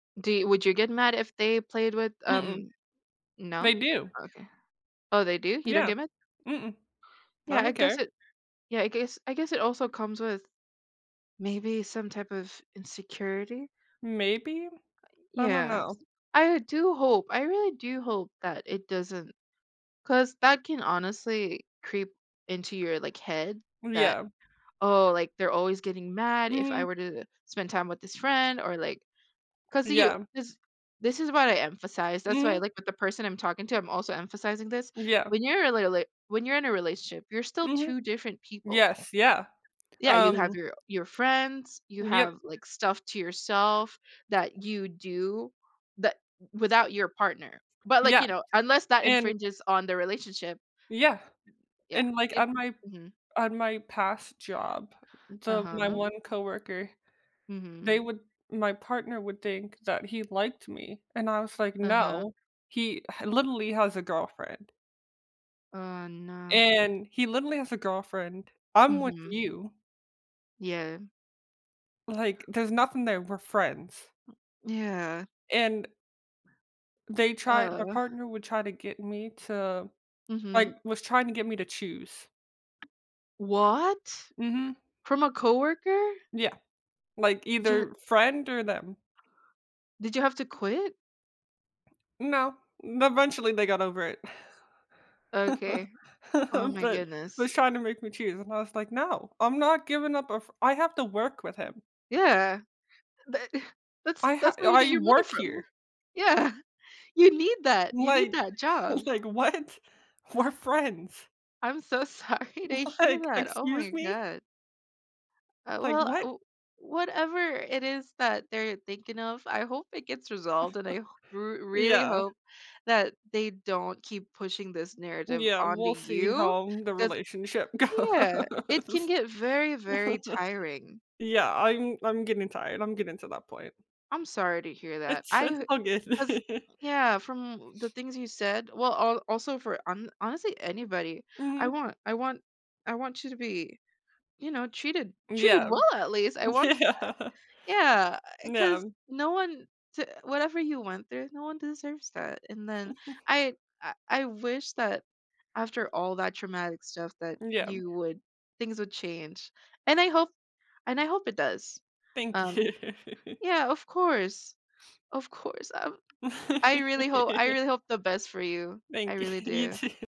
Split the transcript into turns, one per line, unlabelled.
Do you would you get mad if they played with,
Mm-mm.
um No?
They do.
Okay. Oh, they do? You don't
Yeah.
get mad?
Mm-mm. I
Yeah, I
don't
guess
care.
it Yeah, I guess I guess it also comes with maybe some type of insecurity.
Maybe?
Uh,
I don't
yes,
know.
I do hope, I really do hope that it doesn't. 'Cause that can honestly creep into your, like, head that,
Yeah.
"Oh, like they're always getting mad if I
Mhm.
were to spend time with this friend," or like, 'cause you
Yeah.
this this is why I emphasize, that's why I
Mhm.
like, with the person I'm talking to, I'm also emphasizing this
Yeah.
when you're a li li when you're in a relationship, you're still
Mhm.
2 different people.
Yes, yeah,
Yeah, you have
um
your your friends, you have
Yep.
like stuff to yourself that you do, that without your partner, but, like,
Yeah,
you know, unless that
and
infringes on the relationship.
Yeah,
Yeah,
and, like,
it
on my
Mhm.
on my past job the my
Uh-huh.
one coworker,
Mhm.
they would my partner would think that he liked me, and I was like,
Uh-huh.
"No, he h literally has a girlfriend."
Oh, no.
And he literally has a girlfriend, I'm with
Mhm.
you
Yeah.
like, "There's nothing there, we're friends."
Yeah.
And they tried my
Ugh.
partner would try to get me to, like
Mhm.
was trying to get me to choose.
What?
Mhm.
From a coworker?
Yeah. Like
Ja
either friend or them.
Did you have to quit?
No, eventually they got over it.
Okay. Oh my
But
goodness.
was trying to make me choose and I was like, "No, I'm not giving up a fr I have to work with him."
Yeah. That that's
I ha
that's where you get
I
your money
work
from.
here.
Yeah. You need that, you need
Like
that job.
like, what? We're friends.
I'm so sorry to hear
Like,
that, oh my
excuse me?
god. Uh,
Like,
well,
what?
u whatever it is that they're thinking of, I hope it gets resolved and I h r really
Yeah.
hope that they don't keep pushing this narrative
Yeah,
onto
we'll see
you
how the
'cause
relationship
Yeah, it can
goes.
get very, very tiring.
Yeah, I'm I'm getting tired, I'm getting to that point.
I'm sorry to hear that,
It's
I
it's
h
all good.
cause Yeah, from the things you said, well, al also for hon honestly, anybody I
Mhm.
want I want I want you to be, you know, treated treated
Yeah.
well at least, I want that.
Yeah.
Yeah, 'cause
Yeah.
no one to whatever you went through, no one deserves that, and then I I I wish that after all that traumatic stuff that
Yeah.
you would things would change and I hope and I hope it does,
Thank
um
you.
Yeah, of course, of course, um I really hope I really hope the best for you, I
Thank you,
really
you
do.
too.